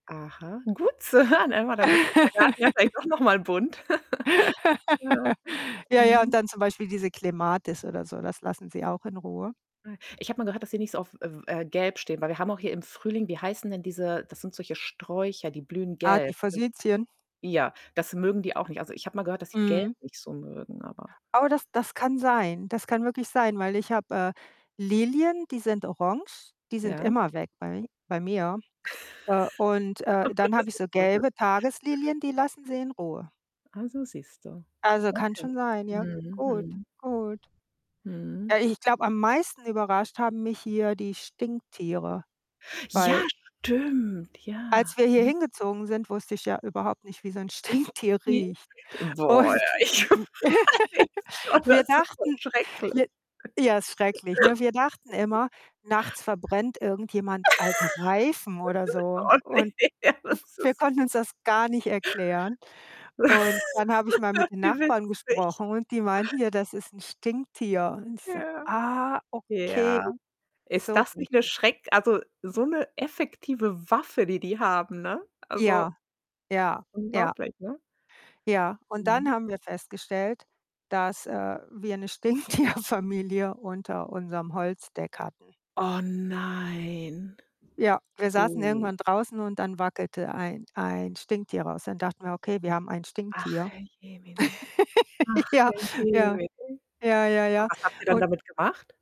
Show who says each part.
Speaker 1: Aha, gut zu hören, hör mal da wird unser Garten ja vielleicht doch noch mal bunt. Ja.
Speaker 2: Ja, ja, und
Speaker 1: Mhm.
Speaker 2: dann zum Beispiel diese Clematis oder so, das lassen sie auch in Ruhe.
Speaker 1: [unintelligible] Ich habe mal gehört, dass sie nicht so auf, äh, w äh, gelb stehen, weil wir haben auch hier im Frühling wie heißen denn diese das sind solche Sträucher, die blühen
Speaker 2: Ah, die
Speaker 1: gelb, sind
Speaker 2: Forsythien.
Speaker 1: ja. Das mögen die auch nicht. Also, ich habe mal gehört, dass sie gelb
Speaker 2: Mhm.
Speaker 1: nicht so mögen, aber
Speaker 2: Aber das das kann sein. Das kann wirklich sein, weil ich habe, äh, Lilien, die sind orange, die sind
Speaker 1: Ja?
Speaker 2: immer weg bei mi bei mir. Äh, und, äh, dann habe ich so
Speaker 1: [unintelligible]
Speaker 2: gelbe Tageslilien, die lassen sie in Ruhe.
Speaker 1: Also, siehst du.
Speaker 2: Also, kann
Speaker 1: Okay.
Speaker 2: schon sein, ja.
Speaker 1: Mhm,
Speaker 2: Gut,
Speaker 1: mhm.
Speaker 2: gut.
Speaker 1: Mhm.
Speaker 2: Äh, ich glaube, am meisten überrascht haben mich hier die Stinktiere, weil
Speaker 1: Ja, stimmt, ja.
Speaker 2: Als wir hier
Speaker 1: Mhm.
Speaker 2: hingezogen sind, wusste ich ja überhaupt nicht, wie so 'n Stinktier
Speaker 1: I
Speaker 2: riecht
Speaker 1: Boah,
Speaker 2: und
Speaker 1: Ich weiß. Boah, das
Speaker 2: wir
Speaker 1: ist so
Speaker 2: dachten
Speaker 1: schrecklich.
Speaker 2: wi ja, ist schrecklich, ne? Wir dachten immer, nachts verbrennt irgendjemand alte Reifen oder so
Speaker 1: Oh ne.
Speaker 2: und
Speaker 1: Ja,
Speaker 2: w
Speaker 1: das
Speaker 2: wir
Speaker 1: ist
Speaker 2: konnten uns das gar nicht erklären und dann habe ich mal mit den
Speaker 1: Wie
Speaker 2: Nachbarn
Speaker 1: witzig?
Speaker 2: gesprochen und die meinten: „Ja, das ist 'n Stinktier.“ Und ich so:
Speaker 1: Ja,
Speaker 2: „Ah, okay.“
Speaker 1: ja. Ist
Speaker 2: so
Speaker 1: das
Speaker 2: riechen
Speaker 1: nicht 'ne
Speaker 2: die.
Speaker 1: Schreck also, so 'ne effektive Waffe, die die haben, ne? Also
Speaker 2: Ja, ja, ja.
Speaker 1: Unglaublich, ne?
Speaker 2: Ja, und dann
Speaker 1: Mhm.
Speaker 2: haben wir festgestellt, dass, äh, wir 'ne Stinktierfamilie unter unserem Holzdeck hatten.
Speaker 1: Oh nein.
Speaker 2: Ja, wir saßen
Speaker 1: Oh.
Speaker 2: irgendwann draußen und dann wackelte ein ein Stinktier raus. Dann dachten wir: „Okay, wir haben ein
Speaker 1: Ach,
Speaker 2: Stinktier.“
Speaker 1: Herrjemine. Ach,
Speaker 2: Ja, ja,
Speaker 1: Herrjemine,
Speaker 2: ja, ja,
Speaker 1: und
Speaker 2: ja.
Speaker 1: was habt ihr dann
Speaker 2: Und
Speaker 1: damit gemacht?